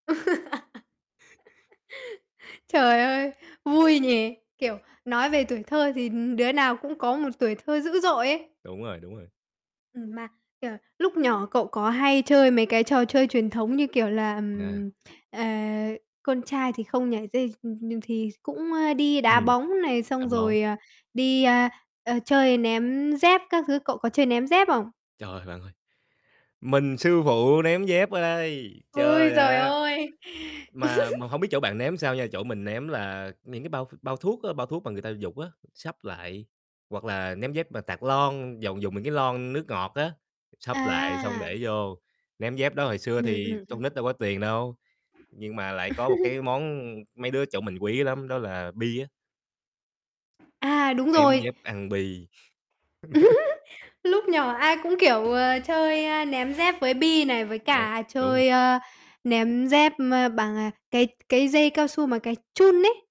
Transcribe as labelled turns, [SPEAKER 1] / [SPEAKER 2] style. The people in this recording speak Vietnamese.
[SPEAKER 1] Trời ơi, vui nhỉ? Kiểu, nói về tuổi thơ thì, ừm, đứa nào cũng có một tuổi thơ dữ dội ấy.
[SPEAKER 2] Đúng rồi, đúng rồi.
[SPEAKER 1] Ừm, mà, kiểu, lúc nhỏ cậu có hay chơi mấy cái trò chơi truyền thống như kiểu là,
[SPEAKER 2] À.
[SPEAKER 1] ừm, ờ, con trai thì không nhảy dây, ừm, nhừ thì cũng, ơ, đi đá
[SPEAKER 2] Ừm,
[SPEAKER 1] bóng này,
[SPEAKER 2] đá
[SPEAKER 1] xong
[SPEAKER 2] bóng.
[SPEAKER 1] rồi, à, đi, a, a, chơi ném dép các thứ. Cậu có chơi ném dép không?
[SPEAKER 2] Trời ơi, bạn ơi, mình sư phụ ném dép ở đây,
[SPEAKER 1] Ôi
[SPEAKER 2] trời
[SPEAKER 1] giời
[SPEAKER 2] ạ.
[SPEAKER 1] ơi!
[SPEAKER 2] Mà mà hông biết chỗ bạn ném sao nha, chỗ mình ném là những cái bao ph bao thuốc á, bao thuốc mà người ta vụt á, sắp lại, hoặc là ném dép mà tạt lon, dầu dùng những cái lon nước ngọt á, sắp lại xong
[SPEAKER 1] À.
[SPEAKER 2] để vô, ném dép đó. Hồi xưa
[SPEAKER 1] Ừm,
[SPEAKER 2] thì
[SPEAKER 1] ừm,
[SPEAKER 2] con
[SPEAKER 1] ừm.
[SPEAKER 2] nít đâu có tiền đâu, nhưng mà lại có một cái món mấy đứa ở chỗ mình quý lắm đó là bi á.
[SPEAKER 1] À, đúng
[SPEAKER 2] Ném
[SPEAKER 1] rồi.
[SPEAKER 2] dép ăn bi.
[SPEAKER 1] Lúc nhỏ ai cũng, kiểu, ờ, chơi, ơ, ném dép với bi này, với
[SPEAKER 2] Đ
[SPEAKER 1] cả
[SPEAKER 2] đúng.
[SPEAKER 1] chơi, ơ, ném dép, ơ, bằng, à, cái cái dây cao su mà cái chun ấy.